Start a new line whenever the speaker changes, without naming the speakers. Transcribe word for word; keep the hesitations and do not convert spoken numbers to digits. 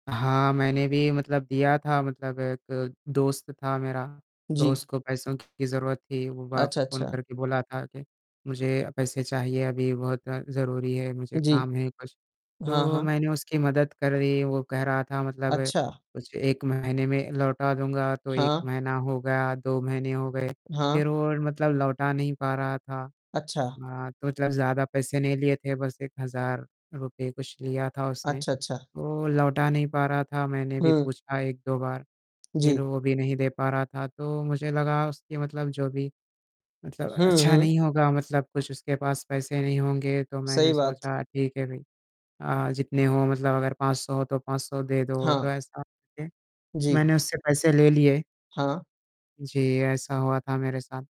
हाँ, मैंने भी मतलब दिया था मतलब एक दोस्त था मेरा तो
जी।
उसको पैसों की ज़रूरत थी। वो बा
अच्छा,
फ़ोन
अच्छा।
करके बोला था कि, मुझे पैसे चाहिए अभी बहुत ज़रूरी है मुझे
जी।
काम है कुछ।
हाँ,
तो
हाँ।
मैंने उसकी मदद कर दी। वो कह रहा था मतलब
अच्छा।
कुछ एक महीने में लौटा दूँगा। तो एक
हाँ।
महीना हो गया, दो महीने हो गए
हाँ।
फ़िर वो मतलब लौटा नहीं पा रहा था।
अच्छा।
अ, तो जब ज़्यादा पैसे नहीं लिए थे बस एक हज़ार रुपए कुछ लिया था उसने
अच्छा, अच्छा।
वो लौटा नहीं पा रहा था। मैंने भी
हुँ।
पूछा एक दो बार फ़िर
जी।
वो भी नहीं दे पा रहा था। तो मुझे लगा उसकी मतलब जो भी मतलब
हुँ,
अच्छा
हुँ।
नहीं होगा मतलब कुछ उसके पास पैसे नहीं होंगे तो मैंने
सही बात।
सोचा ठीक है भाई जितने हो अ, मतलब अगर पाँच सौ तो पाँच सौ दे दो तो
हाँ।
ऐसा करके
जी।
मैंने उससे पैसे ले लिए।
हाँ।
जी ऐसा हुआ था मेरे साथ।